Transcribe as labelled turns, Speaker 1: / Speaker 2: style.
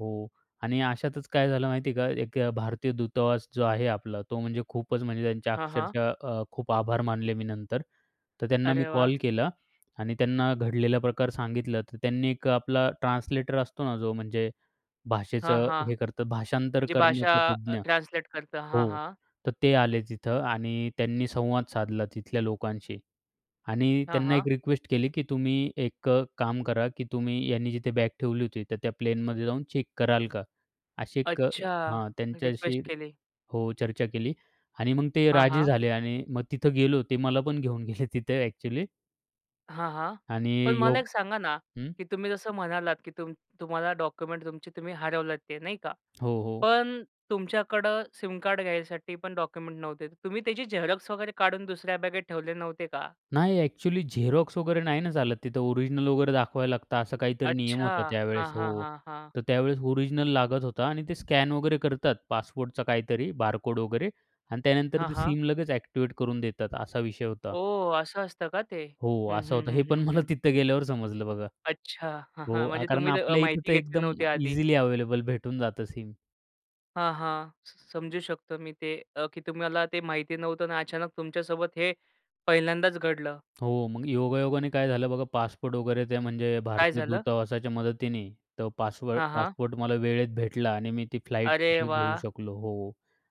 Speaker 1: हो, आणि अशातच काय झालं माहिती आहे का, एक अ, भारतीय दूतावास जो आहे आपला. तो म्हणजे खूपच म्हणजे त्यांचे
Speaker 2: हां, हां.
Speaker 1: अक्षरशः अ, खूप आभार मानले मी नंतर. तर त्यांना मी
Speaker 2: अरे, वाह!
Speaker 1: कॉल केला आणि त्यांना घडलेला प्रकार सांगितला, तर त्यांनी एक आपला ट्रान्सलेटर असतो ना जो म्हणजे,
Speaker 2: हां,
Speaker 1: भाषेचं
Speaker 2: हां.
Speaker 1: हे करतात भाषांतर
Speaker 2: जी भाषा
Speaker 1: करण्याचा
Speaker 2: अ,
Speaker 1: तज्ञ.
Speaker 2: ट्रान्सलेट करतं. हां,
Speaker 1: हो.
Speaker 2: हां.
Speaker 1: तर ते आले तिथं आणि त्यांनी संवाद साधला तिथल्या लोकांशी आणि
Speaker 2: हां,
Speaker 1: त्यांना
Speaker 2: हां.
Speaker 1: एक रिक्वेस्ट केली की "तुम्ही एक अ, काम करा की तुम्ही यांनी जिथे बॅग ठेवली होती, तर त्या प्लेनमध्ये जाऊन चेक कराल का?" अशी एक
Speaker 2: अच्छा.
Speaker 1: हां,
Speaker 2: रिक्वेस्ट
Speaker 1: त्यांच्याशी
Speaker 2: केली.
Speaker 1: हो, चर्चा केली आणि मग ते
Speaker 2: हां,
Speaker 1: राजी
Speaker 2: हां.
Speaker 1: झाले आणि मग तिथं गेलो ते मला पण घेऊन गेले तिथे ॲक्चुअली.
Speaker 2: हां, हां.
Speaker 1: आणि
Speaker 2: पण मला
Speaker 1: योग
Speaker 2: एक सांगा ना?
Speaker 1: हं.
Speaker 2: की तुम्ही जसं म्हणालात की तुम तुम्हाला डॉक्युमेंट तुमचे तुम्ही हरवलेत ते नाही का?
Speaker 1: हो, हो.
Speaker 2: पण तुमच्याकडं सिम कार्ड घ्यायसाठी पण डॉक्युमेंट नव्हते. तुम्ही त्याची झेरॉक्स वगैरे काढून दुसऱ्या बॅगेत ठेवले नव्हते का?
Speaker 1: नाही. ॲक्चुअली झेरॉक्स वगैरे नाही ना चालत तिथं ओरिजिनल वगैरे दाखवायला लागतं असा काहीतरी नियम
Speaker 2: अच्छा.
Speaker 1: होता
Speaker 2: हां,
Speaker 1: त्यावेळेस.
Speaker 2: हां,
Speaker 1: हो.
Speaker 2: हां, हां.
Speaker 1: तर त्यावेळेस ओरिजिनल लागत होता आणि ते स्कॅन वगैरे करतात पासपोर्टचा काहीतरी बारकोड वगैरे आणि त्यानंतर
Speaker 2: हां,
Speaker 1: ते
Speaker 2: हां.
Speaker 1: सिम लगेच ॲक्टिव्हेट करून देतात असा विषय होता.
Speaker 2: ओह! असं असतं का ते?
Speaker 1: हो.
Speaker 2: हं,
Speaker 1: असं
Speaker 2: हं,
Speaker 1: होता,
Speaker 2: हं,
Speaker 1: हे
Speaker 2: हं,
Speaker 1: पण मला
Speaker 2: हं.
Speaker 1: तिथे गेल्यावर समजलं बघा.
Speaker 2: अच्छा. हां, हां.
Speaker 1: हो,
Speaker 2: म्हणजे
Speaker 1: कारण
Speaker 2: तुम्ही अ,
Speaker 1: आपल्या इथे
Speaker 2: माहिती
Speaker 1: तर
Speaker 2: घेतली
Speaker 1: एकदम
Speaker 2: नव्हती आधी.
Speaker 1: इझिली अवेलेबल भेटून जातं सिम.
Speaker 2: हां, हां. स समजू शकतो मी ते अ, की तुम्हाला ते माहिती नव्हतं आणि अचानक तुमच्यासोबत हे पहिल्यांदाच घडलं.
Speaker 1: हो. मग योगायोगाने काय झालं बघा पासपोर्ट वगैरे ते म्हणजे
Speaker 2: काय
Speaker 1: भारतीय
Speaker 2: झालं?
Speaker 1: दूतावासाच्या मदतीने, तो पासवर्ड
Speaker 2: हां, हां.
Speaker 1: पासपोर्ट मला वेळेत भेटला आणि मी ती फ्लाइट
Speaker 2: अरे,
Speaker 1: तिथे घेऊ
Speaker 2: वाह!
Speaker 1: शकलो. हो.